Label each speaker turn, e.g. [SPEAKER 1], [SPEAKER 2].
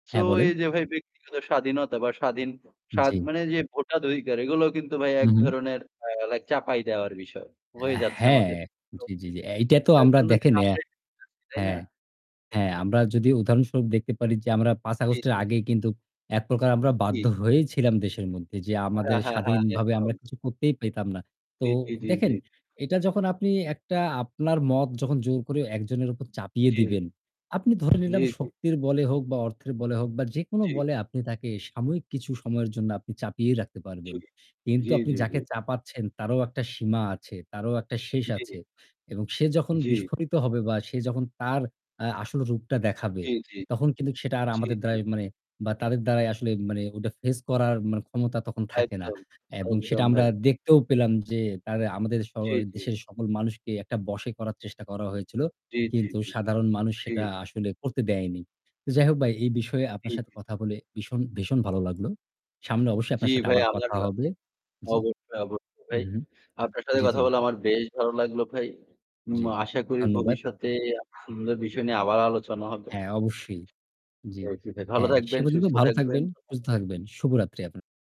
[SPEAKER 1] So
[SPEAKER 2] হ্যাঁ, বলেন।
[SPEAKER 1] এই যে ভাই ব্যক্তিগত স্বাধীনতা বা স্বাধীন স্বাদ
[SPEAKER 2] জি।
[SPEAKER 1] মানে এই যে ভোটার অধিকার, এগুলা কিন্তু ভাই
[SPEAKER 2] হুম, হুম।
[SPEAKER 1] একধরনের আ লাইক চাপাই দেওয়ার বিষয় হয়ে যাচ্ছে
[SPEAKER 2] হ্যাঁ।
[SPEAKER 1] আমাদের
[SPEAKER 2] জি, জি,
[SPEAKER 1] [unintelligible]
[SPEAKER 2] জি। এইটা তো
[SPEAKER 1] যার
[SPEAKER 2] আমরা
[SPEAKER 1] জন্য
[SPEAKER 2] দেখে
[SPEAKER 1] কিন্তু
[SPEAKER 2] নেয়া।
[SPEAKER 1] আমরা [unintelligible] তাই না?
[SPEAKER 2] হ্যাঁ, হ্যাঁ আমরা যদি উদাহরণস্বরূপ দেখতে পারি যে আমরা ৫
[SPEAKER 1] জি,
[SPEAKER 2] আগস্টের
[SPEAKER 1] জি, জি।
[SPEAKER 2] আগেই কিন্তু একপ্রকার আমরা
[SPEAKER 1] জি।
[SPEAKER 2] বাধ্য হয়েই ছিলাম দেশের মধ্যে যে আমাদের
[SPEAKER 1] হ্যাঁ, হ্যাঁ, হ্যাঁ,
[SPEAKER 2] স্বাধীনভাবে
[SPEAKER 1] একদম।
[SPEAKER 2] আমরা কিছু করতেই পেতাম না। তো
[SPEAKER 1] জি, জি, জি, জি।
[SPEAKER 2] দেখেন, এটা যখন আপনি একটা আপনার মত যখন জোর করে একজনের উপর চাপিয়ে
[SPEAKER 1] জি।
[SPEAKER 2] দিবেন, আপনি ধরে
[SPEAKER 1] জি,
[SPEAKER 2] নিলাম
[SPEAKER 1] জি।
[SPEAKER 2] শক্তির বলে হোক বা অর্থের বলে হোক বা যেকোনো
[SPEAKER 1] জি।
[SPEAKER 2] বলে আপনি তাকে সাময়িক কিছু সময়ের জন্য আপনি চাপিয়েই রাখতে
[SPEAKER 1] জি।
[SPEAKER 2] পারবেন। কিন্তু
[SPEAKER 1] জি,
[SPEAKER 2] আপনি
[SPEAKER 1] জি, জি।
[SPEAKER 2] যাকে চাপাচ্ছেন, তারও একটা সীমা আছে, তারও একটা শেষ
[SPEAKER 1] জি।
[SPEAKER 2] আছে এবং সে যখন
[SPEAKER 1] জি।
[SPEAKER 2] বিস্ফোরিত হবে বা সে যখন তার আ আসল রূপটা দেখাবে,
[SPEAKER 1] জি, জি।
[SPEAKER 2] তখন কিন্তু সেটা আর
[SPEAKER 1] জি,
[SPEAKER 2] আমাদের
[SPEAKER 1] জি।
[SPEAKER 2] দ্বারাই মানে বা তাদের দ্বারাই আসলে মানে ওটা ফেস করার মানে ক্ষমতা তখন থাকে না।
[SPEAKER 1] একদম,
[SPEAKER 2] এবং সেটা
[SPEAKER 1] একদম
[SPEAKER 2] আমরা
[SPEAKER 1] ভাই।
[SPEAKER 2] দেখতেও পেলাম যে তারে আমাদের
[SPEAKER 1] জি,
[SPEAKER 2] সময়
[SPEAKER 1] জি।
[SPEAKER 2] দেশের সকল মানুষকেই একটা বশে করার চেষ্টা করা হয়েছিল।
[SPEAKER 1] জি, জি,
[SPEAKER 2] কিন্তু
[SPEAKER 1] জি।
[SPEAKER 2] সাধারণ মানুষ
[SPEAKER 1] জি।
[SPEAKER 2] সেটা আসলে করতে দেয়নি। তো যাই হোক ভাই, এই বিষয়ে আপনার সাথে
[SPEAKER 1] জি।
[SPEAKER 2] কথা বলে ভীষণ, ভীষণ ভালো লাগলো। সামনে অবশ্যই
[SPEAKER 1] জি,
[SPEAKER 2] আপনার সাথে
[SPEAKER 1] ভাই।
[SPEAKER 2] আবার কথা
[SPEAKER 1] আমারও
[SPEAKER 2] হবে জি,
[SPEAKER 1] অবশ্যই, অবশ্যই ভাই।
[SPEAKER 2] হুম।
[SPEAKER 1] আপনার সাথে
[SPEAKER 2] জি,
[SPEAKER 1] কথা
[SPEAKER 2] জি।
[SPEAKER 1] বলে আমার বেশ ভালো লাগল, ভাই। উম
[SPEAKER 2] জি।
[SPEAKER 1] আশা করি
[SPEAKER 2] ধন্যবাদ।
[SPEAKER 1] ভবিষ্যতে [unintelligible] সুন্দর বিষয় নিয়ে আবার আলোচনা হয়তোবা
[SPEAKER 2] হ্যাঁ, অবশ্যই। জি।
[SPEAKER 1] [unintelligible] ভালো
[SPEAKER 2] হ্যাঁ, সে
[SPEAKER 1] থাকবেন,
[SPEAKER 2] পর্যন্ত
[SPEAKER 1] সুস্থ
[SPEAKER 2] ভালো
[SPEAKER 1] থাকবেন।
[SPEAKER 2] থাকবেন, সুস্থ থাকবেন। শুভরাত্রি আপনার